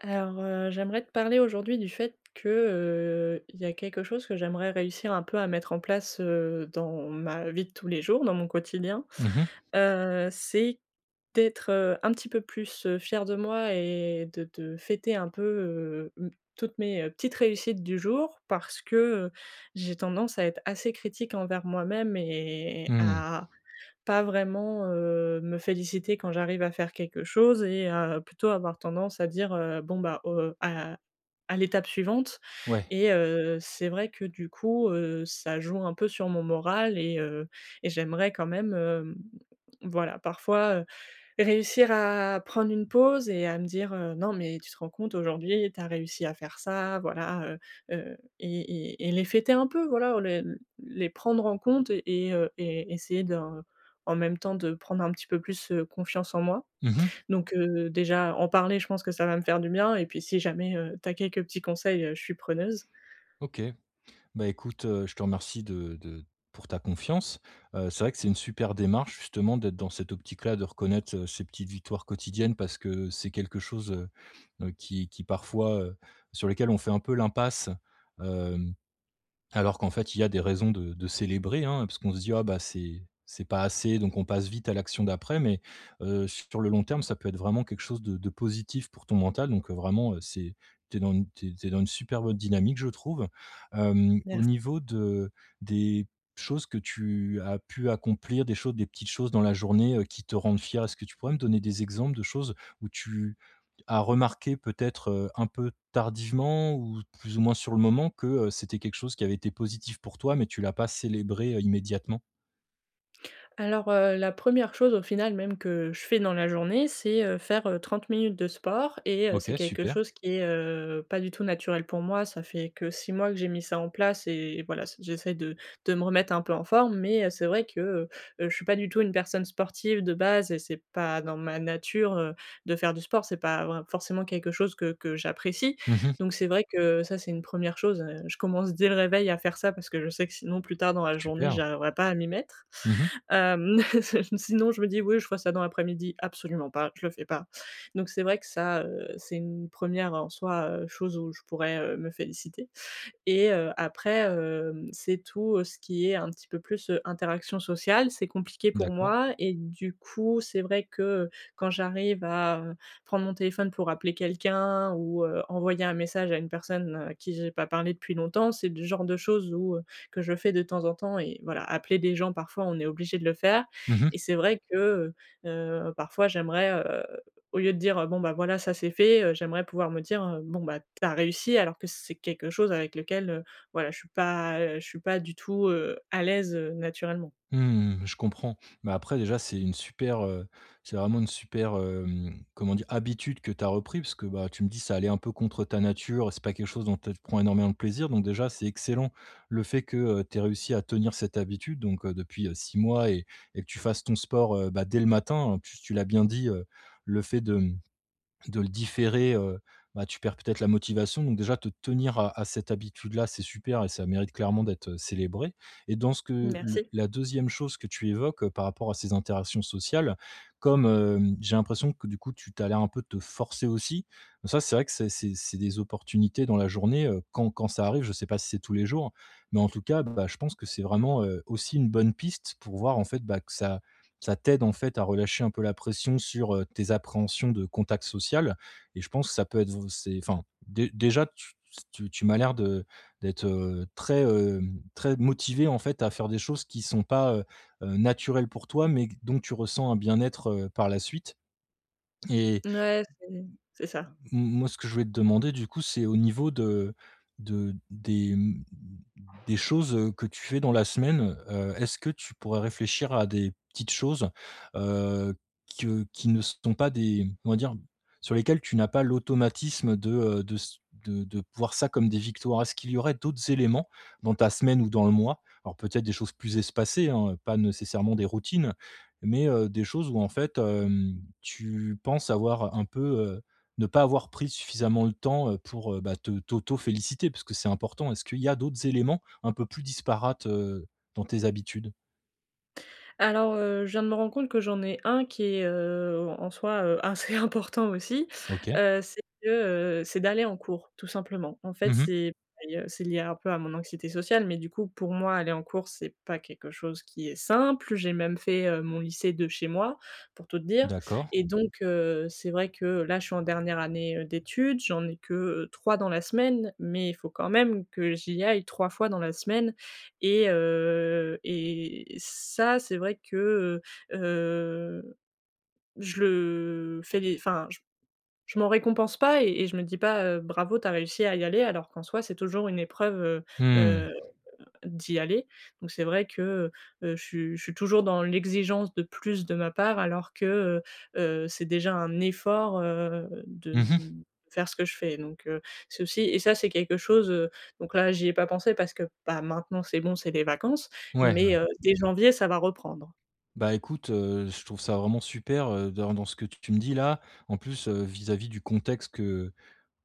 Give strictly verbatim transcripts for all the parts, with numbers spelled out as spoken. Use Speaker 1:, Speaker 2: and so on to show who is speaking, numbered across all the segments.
Speaker 1: Alors heu, j'aimerais te parler aujourd'hui du fait que, heu, il y a quelque chose que j'aimerais réussir un peu à mettre en place, heu, dans ma vie de tous les jours, dans mon quotidien,
Speaker 2: Mmh mh.
Speaker 1: heu, c'est d'être, heu, un petit peu plus, heu, fière de moi et de de fêter un peu, heu, toutes mes, heu, petites réussites du jour, parce que, heu, j'ai tendance à être assez critique envers moi-même et
Speaker 2: Mmh.
Speaker 1: à pas vraiment, heu, me féliciter quand j'arrive à faire quelque chose et heu, plutôt avoir tendance à dire: «Heu, bon bah, heu, à à l'étape suivante».
Speaker 2: Ouais.
Speaker 1: Et heu, c'est vrai que, du coup, heu, ça joue un peu sur mon moral et heu, et j'aimerais quand même, hem, voilà parfois, heu, réussir à prendre une pause et à me dire, heu: «Non, mais tu te rends compte, aujourd'hui tu as réussi à faire ça!» voilà, heu, heu et et et les fêter un peu, voilà. Les les prendre en compte et heu, et essayer d'en même temps de prendre un petit peu plus, heu, confiance en moi.
Speaker 2: Mmh mh.
Speaker 1: Donc, heu, déjà, en parler, je pense que ça va me faire du bien et puis, si jamais, heu, tu as quelques petits conseils, je suis preneuse.
Speaker 2: OK. Beh, écoute, heu, je te remercie de de pour ta confiance. Heu, c'est vrai que c'est une super démarche, justement, d'être dans cette optique-là, de reconnaître, heu, ces petites victoires quotidiennes, parce que c'est quelque chose, heu, heu, qui qui, parfois, heu, sur lesquelles on fait un peu l'impasse, heu, alors qu'en fait, il y a des raisons de de célébrer, hein. Parce qu'on se dit: «Ah, bah, c'est c'est pas assez», donc on passe vite à l'action d'après mais, heu, sur le long terme, ça peut être vraiment quelque chose de de positif pour ton mental donc, heu, vraiment, heu, c'est tu es dans une tu es tu es dans une super bonne dynamique, je trouve. heu, au
Speaker 1: Merc
Speaker 2: niveau de des choses que tu as pu accomplir, des choses des petites choses dans la journée, heu, qui te rendent fière. Est-ce que tu pourrais me donner des exemples de choses où tu as remarqué, peut-être, heu, un peu tardivement, ou plus ou moins sur le moment, que, heu, c'était quelque chose qui avait été positif pour toi, mais tu l'as pas célébré, heu, immédiatement?
Speaker 1: Alors, heu, la première chose au final même que je fais dans la journée, c'est, heu, faire, heu, trente minutes de sport et heu, c'est
Speaker 2: OK,
Speaker 1: quelque
Speaker 2: super.
Speaker 1: chose qui est, heu, pas du tout naturel pour moi, ça fait que six mois que j'ai mis ça en place et voilà, ça j'essaie de de me remettre un peu en forme. Mais, heu, c'est vrai que, heu, heu, je suis pas du tout une personne sportive de base et c'est pas dans ma nature, heu, de faire du sport, c'est pas vrai forcément quelque chose que que j'apprécie.
Speaker 2: Mmh mh.
Speaker 1: Donc c'est vrai que ça, c'est une première chose, heu, je commence dès le réveil à faire ça parce que je sais que sinon plus tard dans la journée,
Speaker 2: Super.
Speaker 1: j'arriverai pas à m'y mettre.
Speaker 2: Mmh mh.
Speaker 1: Hem, sinon je me dis: «Oui je ferais ça dans l'après-midi», absolument pas, je le fais pas. Donc c'est vrai que ça, heu, c'est une première en soi, heu, chose où je pourrais, heu, me féliciter. Et heu, après, hem, c'est tout ce qui est un petit peu plus interaction sociale, c'est compliqué pour
Speaker 2: D'accord.
Speaker 1: moi et du coup, c'est vrai que, heu, quand j'arrive à, heu, prendre mon téléphone pour appeler quelqu'un, ou heu, envoyer un message à une personne à qui j'ai pas parlé depuis longtemps, c'est le genre de chose où heu, que je fais de temps en temps et voilà. Appeler des gens, parfois on est obligé de le faire.
Speaker 2: Mmh mh.
Speaker 1: Et c'est vrai que, heu, heu, parfois j'aimerais, heu, au lieu de dire: «Bon, bah, voilà ça c'est fait», heu, j'aimerais pouvoir me dire: «Bon bah tu as réussi», alors que c'est quelque chose avec lequel, heu, voilà, je suis pas je suis pas du tout, heu, à l'aise, heu, naturellement.
Speaker 2: Mmh mh, je comprends. Mais après déjà c'est une super, heu, c'est vraiment une super, hem. Comment dire? Habitude que tu as repris, parce que, bah, tu me dis ça allait un peu contre ta nature, c'est pas quelque chose dont tu prends énormément de plaisir. Donc déjà, c'est excellent, le fait que, heu, tu aies réussi à tenir cette habitude, donc heu, depuis, heu, six mois et et que tu fasses ton sport, heu, bah, dès le matin. Et puis tu l'as bien dit, heu, le fait de, mmh, de le différer, heu, bah, tu perds peut-être la motivation donc déjà te tenir à à cette habitude là, c'est super et ça mérite clairement d'être, heu, célébré. Et dans ce que le
Speaker 1: Merci.
Speaker 2: la deuxième chose que tu évoques, heu, par rapport à ces interactions sociales. Comme, hem, j'ai l'impression que du coup tu tu as l'air un peu de te forcer aussi, ça c'est vrai que c'est c'est c'est des opportunités dans la journée, heu, quand quand ça arrive, je sais pas si c'est tous les jours, mais en tout cas bon, bah, je pense que c'est vraiment, heu, aussi une bonne piste pour voir en fait, bah, que ça ça t'aide en fait à relâcher un peu la pression sur, heu, tes appréhensions de contact social. Et je pense ça peut être vous c'est enfin dé déjà tu tu s tu tu m'as l'air de d'être, heu, très, hem, très motivée en fait à faire des choses qui sont pas, heu, heu, naturelles pour toi mais dont tu ressens un bien-être, heu, par la suite. Et
Speaker 1: N ouais, c'est c'est ça.
Speaker 2: m moi ce que je voulais te demander du coup, c'est au niveau de de des, mmh, des choses, heu, que tu fais dans la semaine, heu. Est-ce que tu pourrais réfléchir à des petites choses, heu, qui, heu, qui ne sont pas des comment dire, sur lesquelles tu n'as pas l'automatisme de, heu, de ce de de voir ça comme des victoires? Est-ce qu'il y aurait d'autres éléments, dans ta semaine ou dans le mois, alors peut-être des choses plus espacées, hein, heu, pas nécessairement des routines, mais heu, des choses où en fait, hem, tu penses avoir un peu, heu, ne pas avoir pris suffisamment le temps, heu, pour, heu, bah, te t'auto féliciter, puisque c'est important. Est-ce qu'il y a d'autres éléments, un peu plus disparates, heu, dans tes habitudes?
Speaker 1: Alors, heu, je viens de me rendre compte que j'en ai un qui est, euh, en soi, heu, assez important aussi.
Speaker 2: OK.
Speaker 1: Heu, c'est que, heu, c'est d'aller en cours, tout simplement. En
Speaker 2: Mmh
Speaker 1: fait,
Speaker 2: mh.
Speaker 1: c'est, [unintelligible] c'est lié un peu à mon anxiété sociale, mais, du coup, pour moi, aller en cours, c'est pas quelque chose qui est simple. J'ai même fait, heu, mon lycée de chez moi, pour tout te dire.
Speaker 2: D'accord.
Speaker 1: Et donc, heu c'est vrai que, là, je suis en dernière année, heu, d'études, j'en ai que, heu, trois dans la semaine, mais il faut quand même que j'y aille trois fois dans la semaine. Et, he, et ça, c'est vrai que, heu heu, je le fais enfin, j je m'en récompense pas et et je me dis pas, heu: «Bravo, tu as réussi à y aller» alors qu'en soi, c'est toujours une épreuve, heu,
Speaker 2: Mmh.
Speaker 1: heu, d'y aller. Donc c'est vrai que, heu, heu, je suis je suis toujours dans l'exigence de plus de ma part, alors que, heu, heu, c'est déjà un effort, heu, de
Speaker 2: Mmh mh.
Speaker 1: de faire ce que je fais donc, heu, c'est aussi et ça, c'est quelque chose heu, donc, là, j'y ai pas pensé parce que, bah, maintenant, c'est bon, c'est les vacances,
Speaker 2: Ouais,
Speaker 1: mais,
Speaker 2: ouais.
Speaker 1: heu, dès janvier, ça va reprendre.
Speaker 2: Bah, écoute heu, je trouve ça vraiment super, heu, dans dans ce que tu me dis là en plus, heu, vis-à-vis du contexte que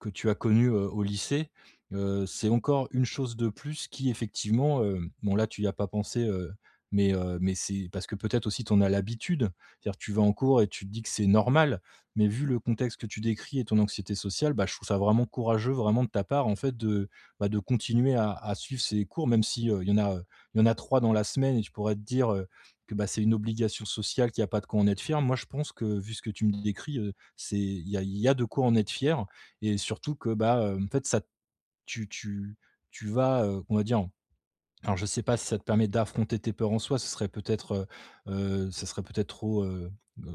Speaker 2: que tu as connu, heu, au lycée, heu, c'est encore une chose de plus qui effectivement, heu, bon, là, tu y as pas pensé, heu, mais heu, mais c'est parce que peut-être aussi tu en a l'habitude, c’est-à-dire tu vas en cours et tu te dis que c'est normal mais vu le contexte que tu décris et ton anxiété sociale, bah, je trouve ça vraiment courageux vraiment de ta part en fait de bah, de continuer à à suivre ces cours même si heu, il y en a, heu, il y en a trois dans la semaine et tu pourrais te dire, heu, que bah, c'est une obligation sociale qu'il y a pas de quoi en être fier. Moi, je pense que vu ce que tu me décris, heu, c'est il y a il y a de quoi en être fier et surtout que bah, heu, en fait ça t' tu tu tu vas, heu, qu'on va dire alors je sais pas si ça te permet d'affronter tes peurs en soi, ce serait peut-être, heu heu, ça serait peut-être trop, heu,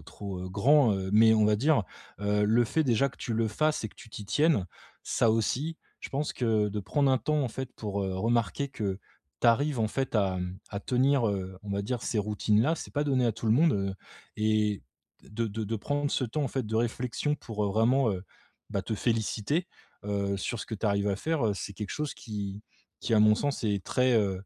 Speaker 2: trop, heu, grand, heu, mais on va dire, heu, le fait déjà que tu le fasses et que tu t'y tiennes, ça aussi je pense que de prendre un temps en fait pour, heu, remarquer que tu arrives en fait à, mmh, à tenir, heu, on va dire ces routines là, c'est pas donné à tout le monde, heu et de de de prendre ce temps en fait de réflexion pour vraiment, heu, bah, te féliciter, heu, sur ce que tu arrives à faire, heu, c'est quelque chose qui qui à mon sens est très, heu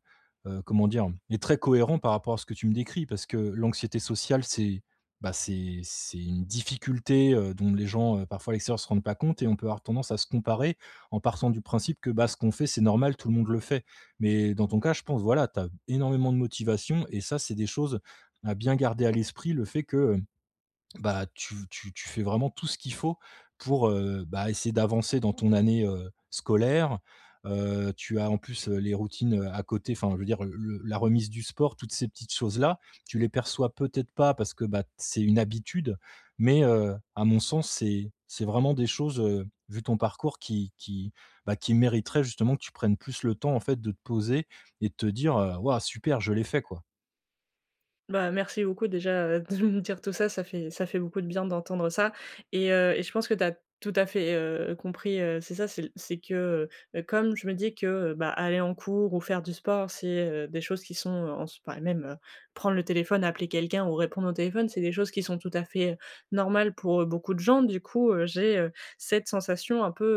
Speaker 2: heu, comment dire, est très cohérent par rapport à ce que tu me décris parce que l'anxiété sociale, c'est bah, c'est c'est une difficulté, heu, dont les gens parfois à l'extérieur se rendent pas compte et on peut avoir tendance à se comparer en partant du principe que bah, ce qu'on fait, c'est normal, tout le monde le fait. Mais dans ton cas, je pense, voilà, tu as énormément de motivation et ça, c'est des choses à bien garder à l'esprit le fait que mmh, bah, tu tu tu fais vraiment tout ce qu'il faut pour, heu, bah, essayer d'avancer dans ton année, heu, scolaire, heu, tu as en plus, heu, les routines, heu, à côté, enfin je veux dire le la remise du sport, toutes ces petites choses-là, tu les perçois peut-être pas parce que bah, c'est une habitude mais heu, à mon sens, c'est c'est vraiment des choses, heu, vu ton parcours qui qui bah, qui mériteraient justement que tu prennes plus le temps en fait de te poser et de te dire, heu: «Ouah super, je l'ai fait quoi».
Speaker 1: Bah, merci beaucoup déjà, heu, de me dire tout ça, ça fait ça fait beaucoup de bien, d'entendre ça, et heu, et je pense que tu as tout à fait, heu, compris, heu, c'est ça c'est l c'est que, heu heu, comme je me dis que, heu, bah, aller en cours ou faire du sport, c'est, heu, des choses qui sont, heu, en spa même, heu, prendre le téléphone, appeler quelqu'un ou répondre au téléphone, c'est des choses qui sont tout à fait, normales pour, heu, beaucoup de gens. Du coup, heu, j'ai, heu, cette sensation un peu,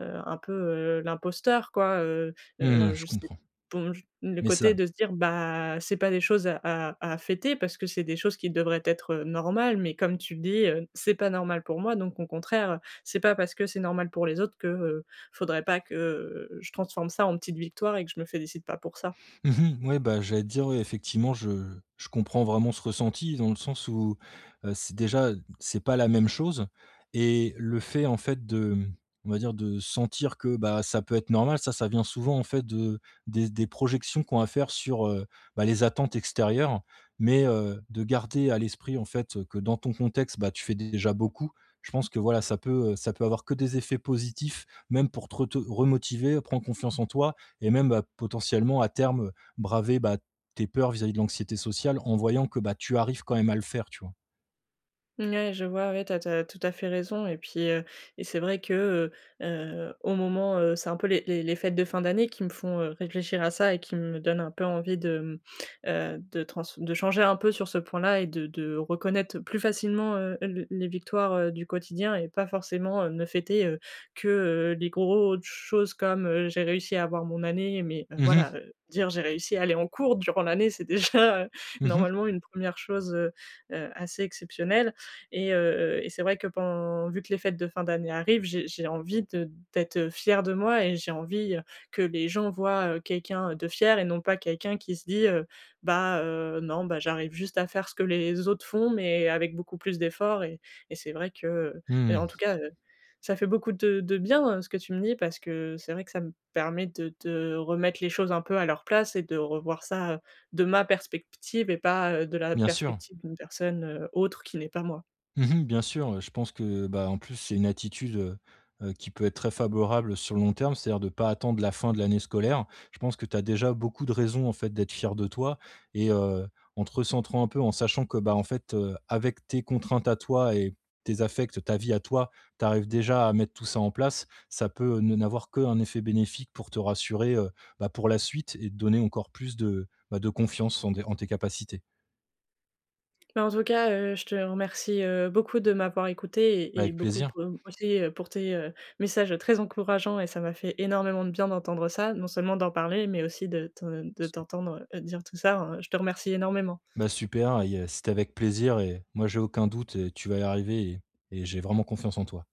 Speaker 1: heu heu, un peu, heu, l'imposteur quoi, heu
Speaker 2: Mmh, ouais,
Speaker 1: heu,
Speaker 2: je
Speaker 1: je sais,
Speaker 2: comprends,
Speaker 1: bon, j le
Speaker 2: mais
Speaker 1: côté
Speaker 2: ça
Speaker 1: de se dire, bah, c'est pas des choses à à à fêter parce que c'est des choses qui devraient être normales, mais comme tu le dis, heu, c'est pas normal pour moi donc au contraire. C'est pas parce que c'est normal pour les autres que, heu, faudrait pas que, heu, je transforme ça en petite victoire et que je me félicite pas pour ça.
Speaker 2: Mmh mh. Ouais. Bah j'allais te dire, ouais, effectivement je je comprends vraiment ce ressenti, dans le sens où, heu, c'est déjà c'est pas la même chose, et le fait, en fait de m on va dire, de sentir que, bah, ça peut être normal, ça ça vient souvent, en fait, de des des projections qu'on va faire sur, heu, bah, les attentes extérieures. Mais heu, de garder à l'esprit, en fait, que dans ton contexte, bah, tu fais déjà beaucoup. Je pense que, voilà, ça peut, heu, ça peut avoir que des effets positifs, même pour te reto remotiver, prendre confiance en toi et même, potentiellement à terme, braver, bah, tes peurs vis-à-vis de l'anxiété sociale, en voyant que, bah, tu arrives quand même à le faire, tu vois?
Speaker 1: N ouais, je vois, ouais, tu as tu as tout à fait raison et puis, heu et c'est vrai que, heu heu, au moment, heu, c'est un peu les les les fêtes de fin d'année qui me font, heu, réfléchir à ça, et qui me donnent un peu envie de, mmh, heu ,de trans de changer un peu sur ce point-là et de de reconnaître plus facilement, heu, l les victoires, heu, du quotidien et pas forcément ne fêter, heu, que, heu, les grosses choses comme, heu, j'ai réussi à avoir mon année, mais heu,
Speaker 2: Mmh mh.
Speaker 1: voilà dire, heu, j'ai réussi à aller en cours durant l'année, c'est déjà heu,
Speaker 2: Mmh mh.
Speaker 1: normalement une première chose, heu heu, assez exceptionnelle et heu et c'est vrai que pen vu que les fêtes de fin d'année arrivent, j'ai j'ai envie de d'être, heu, fière de moi et j'ai envie, heu, que les gens voient, heu, quelqu'un de fier et non pas quelqu'un qui se dit, heu: «Bah, heu, non, bah, j'arrive juste à faire ce que les autres font mais avec beaucoup plus d'efforts» et et c'est vrai que, heu,
Speaker 2: Mmh
Speaker 1: mais en
Speaker 2: mh.
Speaker 1: tout cas, heu, ça fait beaucoup de de bien ce que tu me dis parce que c'est vrai que ça me permet de de remettre les choses un peu à leur place et de revoir ça, de ma perspective et pas, heu, de la
Speaker 2: Bien sûr.
Speaker 1: perspective d'une personne autre, qui n'est pas moi.
Speaker 2: Mmh mh. Bien sûr, heu, je pense que, bah, en plus c'est une attitude, heu heu, qui peut être très faborable sur le long terme, c'est-à-dire de pas attendre la fin de l'année scolaire. Je pense que tu as déjà beaucoup de raisons en fait d'être fière de toi et heu, en te recentrant un peu en sachant que, bah, en fait, heu, avec tes contraintes à toi et tes affectes, ta vie à toi, tu arrives déjà à mettre tout ça en place, ça peut ne n'avoir que un effet bénéfique pour te rassurer, heu, bah pour la suite et te donner encore plus de, bah, de confiance en des en tes capacités.
Speaker 1: Bah, en tout cas, heu, je te remercie, heu, beaucoup de m'avoir écouté
Speaker 2: Bah,
Speaker 1: et et
Speaker 2: avec
Speaker 1: beaucoup de
Speaker 2: plaisir.
Speaker 1: [unintelligible] aussi, heu, pour tes, heu, messages très encourageants et ça m'a fait énormément de bien d'entendre ça, non seulement d'en parler, mais aussi de de t'entendre dire tout ça, heu, je te remercie énormément.
Speaker 2: Bah, super et heu, c'était avec plaisir et moi, j'ai aucun doute, heu, tu vas y arriver et et j'ai vraiment confiance en toi.